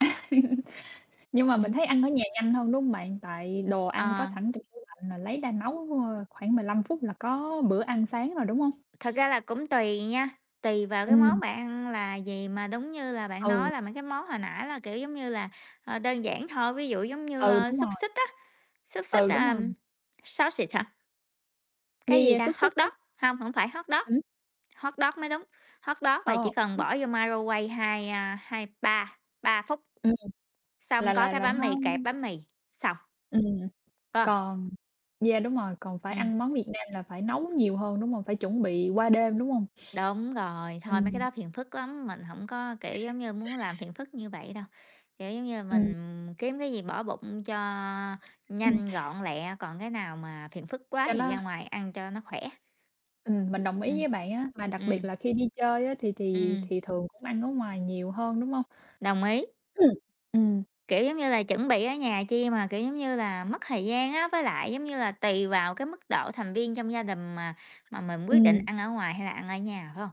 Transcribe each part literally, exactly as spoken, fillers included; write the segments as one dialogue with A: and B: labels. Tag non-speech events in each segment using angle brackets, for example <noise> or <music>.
A: <laughs> Nhưng mà mình
B: Ừm.
A: thấy ăn ở nhà nhanh hơn, đúng hông bạn? Tại đồ ăn có
B: Ờ.
A: sẵn trong tủ lạnh mà lấy ra nấu khoảng mười lăm phút là có bữa ăn sáng rồi, đúng hông?
B: Thật ra là cũng tùy nha, tùy vào cái món
A: Ừm.
B: bạn ăn là gì, mà đúng như là bạn nói
A: Ừ.
B: là mấy cái món hồi nãy là, kiểu giống như là, ờ, đơn giản thôi, ví dụ giống như,
A: Ừ,
B: a,
A: đúng
B: xúc
A: rồi.
B: xích á, xúc xích,
A: Ừ, đúng
B: à,
A: rồi.
B: sausage hả?
A: Yeah,
B: Cái gì
A: yeah,
B: ta?
A: xúc
B: Hot
A: xích á?
B: dog? Hông, hổng phải hot dog.
A: Ừm.
B: Hot dog mới đúng, hot dog là
A: Ờ.
B: chỉ cần
A: <unintelligible>
B: bỏ vô microwave, hai, a, hai ba, ba phút,
A: Ừm.
B: xong
A: Là
B: có
A: là
B: cái
A: là
B: bánh
A: nó
B: mì kẹp bánh mì, xong.
A: Ừm,
B: Phải hông?
A: còn Yeah, đúng rồi, còn phải
B: Ừm.
A: ăn món Việt Nam là phải nấu nhiều hơn, đúng hông? Phải chuẩn bị qua đêm, đúng hông?
B: Đúng rồi, thôi, mấy cái
A: Ừm.
B: đó phiền phức lắm, mình hổng có, kiểu giống như, muốn làm phiền phức như vậy đâu, kiểu giống như,
A: Ừm.
B: mình kiếm cái gì bỏ bụng cho
A: Ừm.
B: nhanh, gọn, lẹ, còn cái nào mà phiền phức quá
A: Cho
B: thì
A: nó
B: ra ngoài ăn cho nó khỏe.
A: Ừm, mình đồng ý
B: Ừm,
A: với bạn á, mà đặc biệt
B: ừm.
A: là khi đi chơi á thì thì
B: Ừm.
A: thì thường cũng ăn ở ngoài nhiều hơn, đúng hông?
B: Đồng ý.
A: Ừm, ừm.
B: Kiểu giống như là, chuẩn bị ở nhà chi mà, kiểu giống như là, mất thời gian á, với lại, giống như là, tùy vào cái mức độ thành viên trong gia đình mà mà mình quyết định
A: Ừm.
B: ăn ở ngoài hay là ăn ở nhà, phải hông?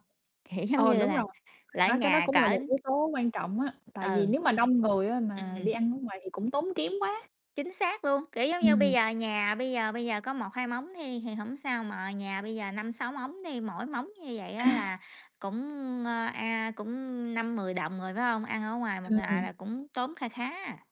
B: Kiểu giống
A: Ờ,
B: như
A: đúng
B: là
A: rồi,
B: là
A: bạn
B: ở
A: nói cái đó
B: nhà
A: cũng là
B: cỡ
A: một yếu tố quan trọng á, tại vì
B: Ừ.
A: nếu mà đông người á mà đi
B: Ừm.
A: ăn ở ngoài thì cũng tốn kém quá.
B: Chính xác luôn, kiểu giống như, bây
A: Ừm.
B: giờ nhà bây giờ bây giờ có một hai mống đi thì hổng sao mà nhà bây giờ năm, sáu mống đi mỗi mống như vậy á là
A: <laughs>
B: cũng, ờ, a, cũng năm, mười đồng rồi, phải hông? Ăn ở ngoài một ngày
A: Ừm.
B: là cũng tốn kha khá à!